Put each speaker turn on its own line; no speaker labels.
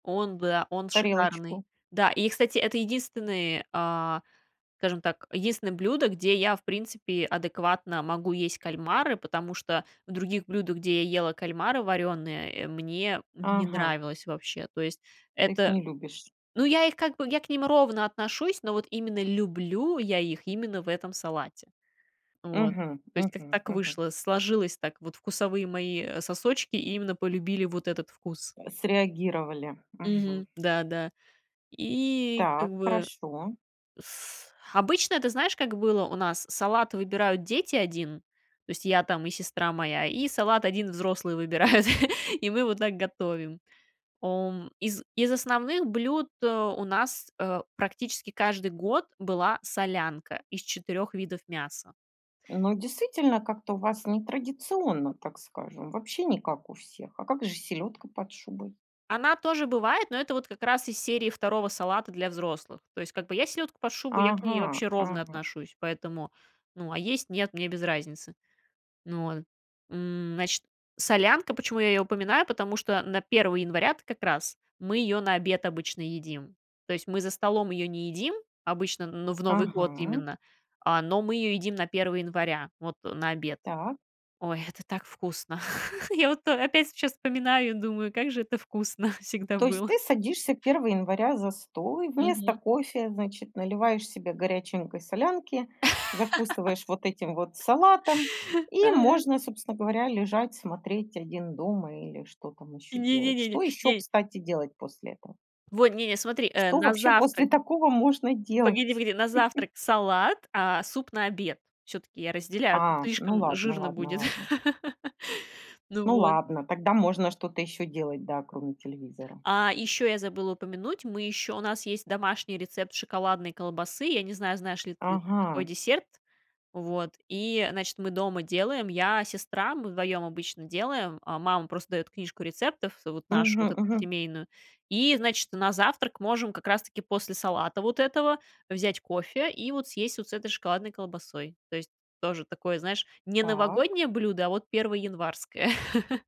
Он, быа он шикарный.
Тарелочку.
Да, и, кстати, это единственный, а, скажем так, единственное блюдо, где я, в принципе, адекватно могу есть кальмары, потому что в других блюдах, где я ела кальмары варёные, э, мне не
Ага.
нравилось вообще. То есть
Ты их
это,
не любишь?
ну, я их как бы я к ним ровно отношусь, но вот именно люблю я их именно в этом салате. Вот,
Мгм.
то есть как-то
Мгм.
так
Мгм.
вышло, сложилось так, вот вкусовые мои, э, сосочки именно полюбили вот этот вкус.
Среагировали. Мгм.
Мгм. Да, да. И
Так,
как бы
хорошо.
с обычно, ты знаешь, как было у нас? Салат выбирают дети, 1, то есть я там и сестра моя, и салат 1 взрослые выбирают, и мы вот так готовим. Ом из из основных блюд, э, у нас, э, практически каждый год была солянка из 4 видов мяса.
Но, действительно, как-то у вас нетрадиционно, так скажем. Вообще не как у всех, а как же селедка под шубой?
Она тоже бывает, но это вот как раз из серии 2 салата для взрослых. То есть, как бы я селедку под шубой, я к ней
Ага.
вообще ровно
Ага.
отношусь, поэтому, ну, а есть, нет- мне без разницы. Ну, вот, м, значит, солянка, почему я её упоминаю? Потому что на 1 января-то как раз мы её на обед обычно едим. То есть, мы за столом её не едим обычно, ну, в Новый год
Ага.
именно, а, но мы её едим на 1 января, вот, э, на обед.
Так.
Ой, это так вкусно. Я вот то опять сейчас вспоминаю и думаю, как же это вкусно всегда
То есть
было.
ты садишься 1 января за стол и вместо
Мгм.
кофе, значит, наливаешь себе горяченькой солянки, закусываешь вот этим вот салатом и
Ага.
можно, собственно говоря, лежать, смотреть "Один дома" или что там ещё
Не не
делать.
не не
Что ещё,
ней.
кстати, делать после этого?
Во, не-не, смотри, э,
Что
на
вообще
завтрак
после такого можно
погоди,
делать?
погоди, на завтрак салат, а суп на обед. Всё-таки я разделяю, а то
А, ну
слишком
ладно,
жирно
ладно,
будет.
ладно.
Ну
Ну
вот.
ладно, тогда можно что-то ещё делать, да, кроме телевизора.
А, и ещё я забыла упомянуть, мы ещё у нас есть домашний рецепт шоколадной колбасы. Я не знаю, знаешь ли ты такой
Ага.
десерт. Вот. И, значит, мы дома делаем. Я, сестра, мы вдвоём обычно делаем. А мама просто даёт книжку рецептов, а, вот нашу вот
Мгм.
эту
Мгм.
семейную. И, значит, на завтрак можем как раз-таки после салата вот этого взять кофе и вот съесть вот с этой шоколадной колбасой. То есть, тоже такое, знаешь, не
Так.
новогоднее блюдо, а вот перво-январское.